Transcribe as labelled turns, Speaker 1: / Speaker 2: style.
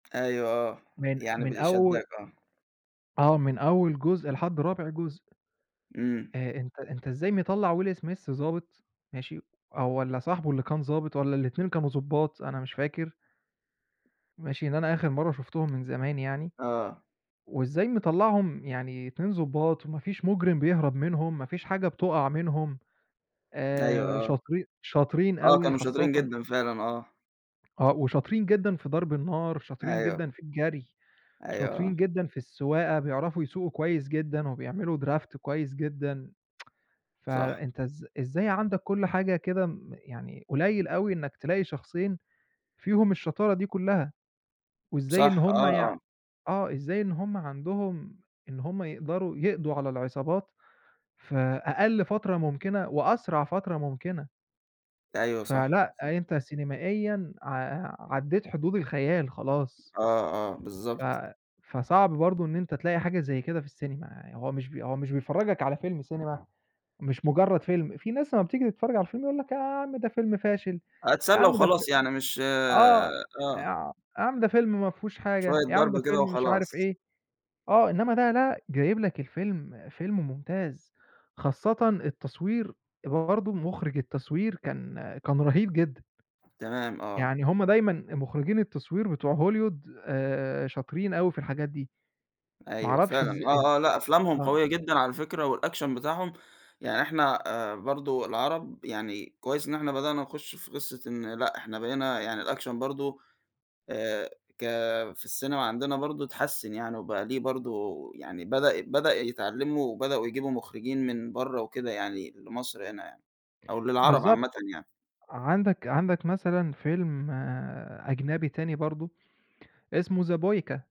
Speaker 1: أيوه، آه،
Speaker 2: من
Speaker 1: يعني
Speaker 2: من
Speaker 1: بي شادَّاك،
Speaker 2: أول
Speaker 1: آه.
Speaker 2: آه، من أول جزء لحد رابع جزء.
Speaker 1: إمم.
Speaker 2: آآ، أنتَ أنتَ إزاي مطلّع Will Smith ضابط، ماشي، آآ والّا صاحبه اللي كان ضابط، والّا الاتنين كانوا ضُبَّاط؟ أنا مش فاكر. ماشي، لأن أنا آخِر مرَّة شُفتهم من زمان يعني،
Speaker 1: آه.
Speaker 2: وإزاي مطلّعهم يعني اتنين ضُبَّاط وما فيش مُجرم بيهرب منهم، ما فيش حاجة بتقع منهُم، آآ
Speaker 1: أيوه، آه.
Speaker 2: شاطرين شاطرين
Speaker 1: آه،
Speaker 2: أوي
Speaker 1: كانوا
Speaker 2: خاصةً
Speaker 1: شاطرين جدًا، فعلًا آه.
Speaker 2: آه، وشاطرين جدًا في ضرَب النار، شاطرين
Speaker 1: أيوه.
Speaker 2: جدًا في الجري،
Speaker 1: أيوه، آه.
Speaker 2: شاطرين جدًا في السواقة، بيعرفوا يسوقوا كويِس جدًا وبيعملوا draft كويِس جدًا.
Speaker 1: صح.
Speaker 2: فأنتَ إز إزاي عندك كل حاجة كده م يعني قليل أوي إنَّك تلاقي شخصين فيهم الشطارة دي كلها، وإزاي إن
Speaker 1: صح، آه،
Speaker 2: هُم يع
Speaker 1: آه.
Speaker 2: آه، إزاي إن هُم عندهم إن هُم يقدَروا يقضوا على العصابات في أقَل فترة ممكنة وأسرع فترة ممكنة.
Speaker 1: أيوه، صح،
Speaker 2: فلأ،
Speaker 1: صح.
Speaker 2: أنتَ سينمائيًا ع عدِّيت حدود الخيال، خلاص.
Speaker 1: آه، آه،
Speaker 2: ف
Speaker 1: بالضبط.
Speaker 2: فصعب برضه إن أنتَ تلاقي حاجة زي كده في السينما. آآ، هو مش بي هو مش بيفرّجَك على فيلم سينما، مش مجرَّد فيلم. في ناس أمَّا بتيجي تتفرَّج على الفيلم يقول لك: "يا عم ده فيلم فاشل، يا
Speaker 1: أتسلَّى
Speaker 2: عم ده فيلم
Speaker 1: وخلاص يعني مش
Speaker 2: آه،
Speaker 1: آه.
Speaker 2: يع يا عم ده فيلم ما فيهوش حاجة،
Speaker 1: شوية
Speaker 2: يا عم
Speaker 1: ضرب
Speaker 2: ده
Speaker 1: كده
Speaker 2: فيلم مش عارِف
Speaker 1: وخلاص.
Speaker 2: إيه." آه، إنما ده، لأ، جايِب لك الفيلم فيلم ممتاز، خاصةً التصوير، برضه مخرِّج التصوير كان كان رهيب جدًا.
Speaker 1: تمام، آه.
Speaker 2: يعني هُم دايمًا مخرِّجين التصوير بتوع Hollywood آآ، شاطرين أوي في الحاجات دي، ما
Speaker 1: أيوه
Speaker 2: عرفش
Speaker 1: فعلًا،
Speaker 2: إز إز
Speaker 1: آه، آه، لأ أفلامهم
Speaker 2: أأ آه.
Speaker 1: قويَّة جدًا على فكرة، والaction بتاعهم يعني، إحنا آآ برضو العرب يعني، كويِس إن إحنا بدأنا نخُش في قصة إن لأ، إحنا بقينا يعني، الaction برضو آآ، ك في السينما عندنا برضه اتحسن يعني، وبقى ليه برضو يعني، بدأ بدأ يتعلَّموا وبدأوا يجيبوا مخرِّجين من برّه وكده يعني، لمصر هنا يعني أو للعرب
Speaker 2: بالضبط،
Speaker 1: عامةً يعني.
Speaker 2: عندك عندك مثلًا فيلم أجنبي تاني برضه اسمه The Boyka.